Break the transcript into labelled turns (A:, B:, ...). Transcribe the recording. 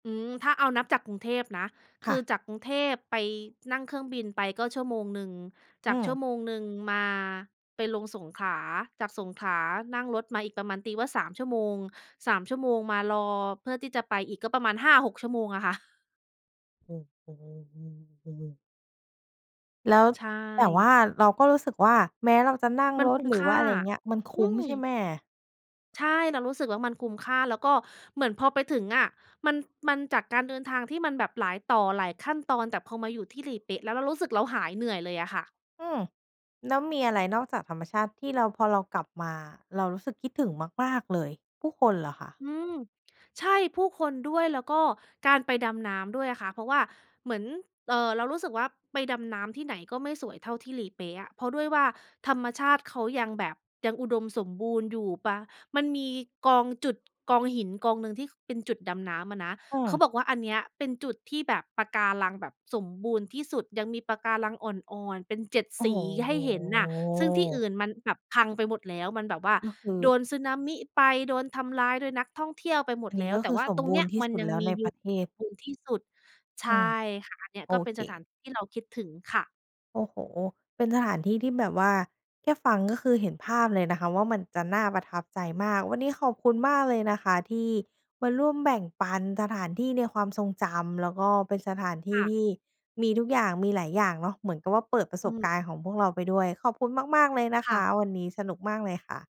A: อืม ถ้าเอานับจากกรุงเทพนะ ค
B: ค่
A: ือ
B: ะ
A: จากกรุงเทพไป นั่งเครื่องบินไปก็ชั่วโมงหนึ่ง จ
B: อื
A: าก
B: ม
A: ชั่วโมงหนึ่งมา ไปลงสงขลา จากสงขลานั่งรถมาอีกประมาณ ตีว่า 3 ชั่วโมง 3 ชั่วโมงมารอเพื่อที่จะไปอีก ก็ประมาณ 5-6 ชั่วโมงอะค่ะ
B: โอ้โฮ แล้ว
A: ใช
B: แต่ว
A: ่
B: ่าเราก็รู้สึกว่า แม้เราจะนั่ง
A: มัน
B: ร
A: ค
B: ถ
A: ุ้ม
B: หรือ
A: ค
B: ว
A: ่
B: ่
A: า
B: า อะไรเงี้ย มันค
A: อื
B: ุ้มใช่
A: ม
B: ไหม?
A: ใช่ เรารู้สึกว่ามันคุ้มค่า แล้วก็เหมือนพอไปถึงอะมัน มันจากการเดินทางที่มันแบบหลายต่อ หลายขั้นตอน แต่พอมาอยู่ที่หลีเป๊ะแล้ว เรารู้สึกเราหายเหนื่อยเลยอะค่ะ
B: อืม แล้วมีอะไรนอกจากธรรมชาติที่เรา พอเรากลับมา เรารู้สึกคิดถึงมาก ๆ เลย ผู้คนเหรอคะ?
A: อืม ใช่ ผู้คนด้วย แล้วก็การไปดำน้ำด้วยอะค่ะ เพราะว่าเหมือน เอ่อ เรารู้สึกว่าไปดำน้ำที่ไหนก็ไม่สวยเท่าที่หลีเป๊ะอะ เพราะด้วยว่าธรรมชาติเขายังแบบยังอุดมสมบูรณ์อยู่ ปลา มันมีกองจุด กองหินกองหนึ่งที่ ค เป็นจุดดำน้ำอะนะ
B: อื
A: เขา
B: ม
A: บอกว่า "อันเนี้ยเป็นจุดที่แบบปะการังแบบสมบูรณ์ที่สุด ยังมีปะการังอ่อน ๆ เป็น 7
B: โอ้
A: ส
B: โ
A: ี
B: ฮ
A: ให
B: โอ
A: ้
B: ้
A: เห็นน่ะ ซึ่งที่อ
B: โ
A: ื
B: ฮ
A: ่นมันแบบพังไปหมดแล้ว มันแบบว่า
B: ก็คือ
A: โดนสึนามิไป โดนทำลายโดยนักท่องเที่ยวไปหม
B: อั
A: ด
B: นน
A: แ
B: ี
A: ล
B: ้
A: ้
B: ก
A: ว
B: ็
A: แต
B: ค
A: ่
B: ือ
A: ว่า
B: สม
A: ตรง
B: บ
A: เ
B: ู
A: นี้
B: รณ
A: ย
B: ์ที่
A: มั
B: ส
A: น
B: ุด
A: ยั
B: แ
A: ง
B: ล้ว
A: มี
B: ใน
A: อย
B: ป
A: ู
B: ร
A: ่
B: ะเทศ
A: บูรณ์ที่สุด" ใช
B: อื
A: ่
B: ม
A: ค่ะ อันเนี่ย
B: โอ
A: ก็เป็น
B: เ
A: สถา
B: ค
A: น ที่เราคิดถึงค่ะ
B: โอ้โฮ เป็นสถานที่ที่แบบว่าแค่ฟังก็คือเห็นภาพเลยนะคะว่ามันจะน่าประทับใจมาก วันนี้ขอบคุณมากเลยนะคะ ที่มาร่วมแบ่งปันสถานที่ในความทรงจำ แล้วก็เป็นสถานที
A: ค
B: ่
A: ่ะ
B: ที่มีทุกอย่าง มีหลายอย่างเนาะ เหมือนกับว่าเปิดประ
A: อ
B: ส
A: ื
B: บ
A: ม
B: การณ์ของพวกเราไปด้วย ขอบคุณมาก ๆ เลยนะ
A: ค
B: ค
A: ่
B: ะ
A: ะ
B: วันนี้สนุกมากเลยค่ะ